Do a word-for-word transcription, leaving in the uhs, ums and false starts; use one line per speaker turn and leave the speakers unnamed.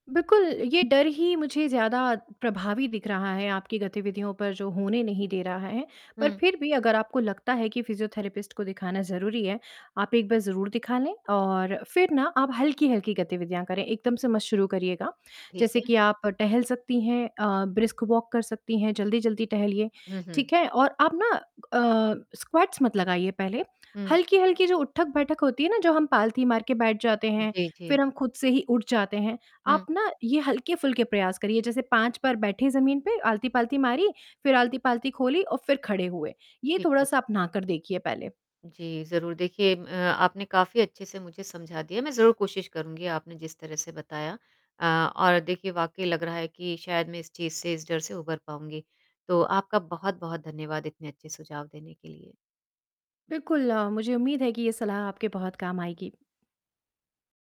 बिल्कुल, ये डर ही मुझे ज़्यादा प्रभावी दिख रहा है आपकी गतिविधियों पर जो होने नहीं दे रहा है। पर
हुँ।
फ़िर भी अगर आपको लगता है कि फिज़ियोथेरेपिस्ट को दिखाना ज़रूरी है, आप एक बार ज़रूर दिखा लें और फ़िर ना आप हल्की-हल्की गतिविधियाँ करें, एकदम से मत शुरू करिएगा।
ठीक
जैसे
है।
कि आप टहल सकती हैं अ, ब्रिस्क वॉक कर सकती हैं, जल्दी-जल्दी टहलिए,
हुँ, हुँ।
ठीक है? और आप ना अ, स्क्वैट्स मत लगाइए पहले।
हुँ।
हल्की-हल्की जो उठक-बैठक होती है ना, जो हम पालथी मार के बैठ जाते हैं,
जी,
फ़िर
जी।
हम ख़ुद से ही उठ जाते हैं।
हुँ।
आप ना ये हल्के-फुल्के प्रयास करिए, जैसे पाँच बार बैठे जमीन पे, आलती-पालती मारी, फ़िर आलती-पालती खोली और फ़िर खड़े हुए। ये
ठीक है।
थोड़ा-सा अपनाकर देखिए पहले।
जी, ज़रूर देखिए अ, आपने काफ़ी अच्छे से मुझे समझा दिया। मैं ज़रूर कोशिश करूँगी आपने जिस तरह से बताया अ, और देखिए वाक़ई लग रहा है कि शायद मैं इस चीज़ से इस डर से उभर पाऊँगी। तो आपका बहुत-बहुत धन्यवाद इतने अच्छे सुझाव देने के लिए।
बिल्कुल अ, मुझे उम्मीद है कि ये सलाह आपके बहुत काम आएगी।